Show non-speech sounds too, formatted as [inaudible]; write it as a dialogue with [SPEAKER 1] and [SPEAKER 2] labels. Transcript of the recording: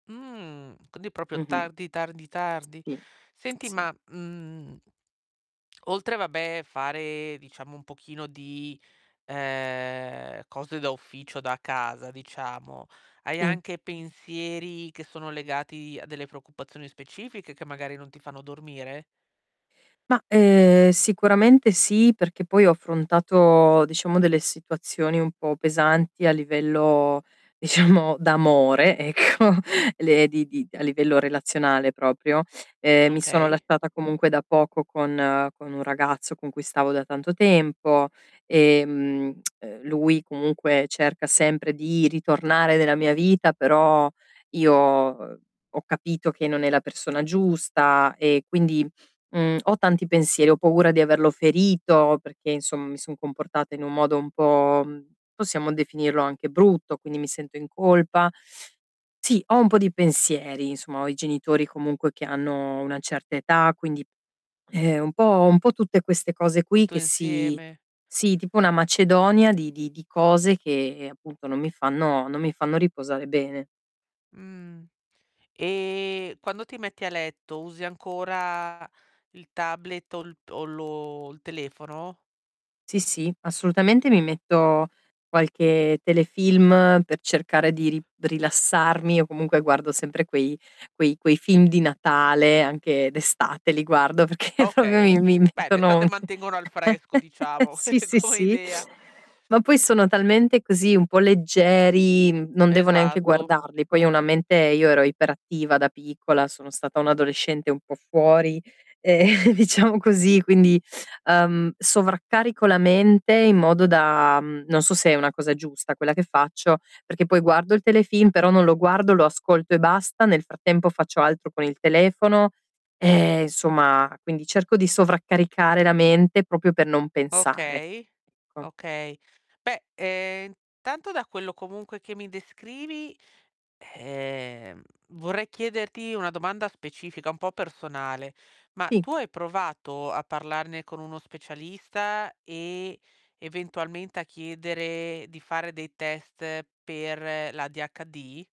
[SPEAKER 1] Mh, quindi proprio
[SPEAKER 2] Mh-mh.
[SPEAKER 1] tardi, tardi, tardi.
[SPEAKER 2] Sì.
[SPEAKER 1] Senti,
[SPEAKER 2] Sì.
[SPEAKER 1] ma, mhmm oltre, vabbè, fare, diciamo, un pochino di, ehm, cose da ufficio da casa, diciamo, hai
[SPEAKER 2] Sì.
[SPEAKER 1] anche pensieri che sono legati a delle preoccupazioni specifiche che magari non ti fanno dormire?
[SPEAKER 2] Ma, ehm, sicuramente sì, perché poi ho affrontato, diciamo, delle situazioni un po' pesanti a livello, diciamo, d'amore ecco, le di di a livello relazionale proprio. Ehm, mi sono
[SPEAKER 1] Okay.
[SPEAKER 2] lasciata comunque da poco con con un ragazzo con cui stavo da tanto tempo, ehm, [tsk] uhm, lui comunque cerca sempre di ritornare nella mia vita, però io uhm, ho capito che non è la persona giusta e quindi, mhmm, ho tanti pensieri, ho paura di averlo ferito perché, insomm mi son comportata in un modo un po' mhmm, possiamo definirlo anche brutto, quindi mi sento in colpa. Sì, ho un po' di pensieri, insomma, ho i genitori comunque che hanno una certa età, quindi, ehm, un po' un po' tutte queste cose qui
[SPEAKER 1] Tutto
[SPEAKER 2] che si
[SPEAKER 1] insieme.
[SPEAKER 2] sì, tipo una macedonia di di di cose che, appunto, non mi fanno non mi fanno riposare bene.
[SPEAKER 1] Mh. Ehm, quando ti metti a letto, usi ancora il tablet o l p o lo l telefono?
[SPEAKER 2] Sì, sì, assolutamente, mi metto qualche telefilm per cercare di ri rilassarmi, o comunque guardo sempre quei quei quei film di Natale, anche d'estate li guardo, perché proprio
[SPEAKER 1] Okay,
[SPEAKER 2] mi mi
[SPEAKER 1] beh,
[SPEAKER 2] mettono
[SPEAKER 1] d'estate mantengono al fresco,
[SPEAKER 2] [chuckles]
[SPEAKER 1] diciamo,
[SPEAKER 2] sì, sì,
[SPEAKER 1] [chuckles] come
[SPEAKER 2] sì.
[SPEAKER 1] idea.
[SPEAKER 2] Ma poi sono talmente così, un po' leggeri, mhmm, non devo neanche
[SPEAKER 1] Esatto.
[SPEAKER 2] guardarli; poi ho una mente io ero iperattiva da piccola, sono stata un'adolescente un po' fuori, ehm, diciamo così, quindi, uhm, sovraccarico la mente in modo da mhmm, non so se è una cosa giusta quella che faccio, perché poi guardo il telefilm, però non lo guardo, lo ascolto e basta, nel frattempo faccio altro con il telefono, ehm, somma, quindi cerco di sovraccaricare la mente proprio per non pensare,
[SPEAKER 1] Okay.
[SPEAKER 2] ecco.
[SPEAKER 1] Okay. Beh, ehm, intanto, da quello comunque che mi descrivi, ehm, vorrei chiederti una domanda specifica, un po' personale: ma
[SPEAKER 2] Sì.
[SPEAKER 1] tu hai provato a parlarne con uno specialista e, eventualmente, a chiedere di fare dei test per l'ADHD?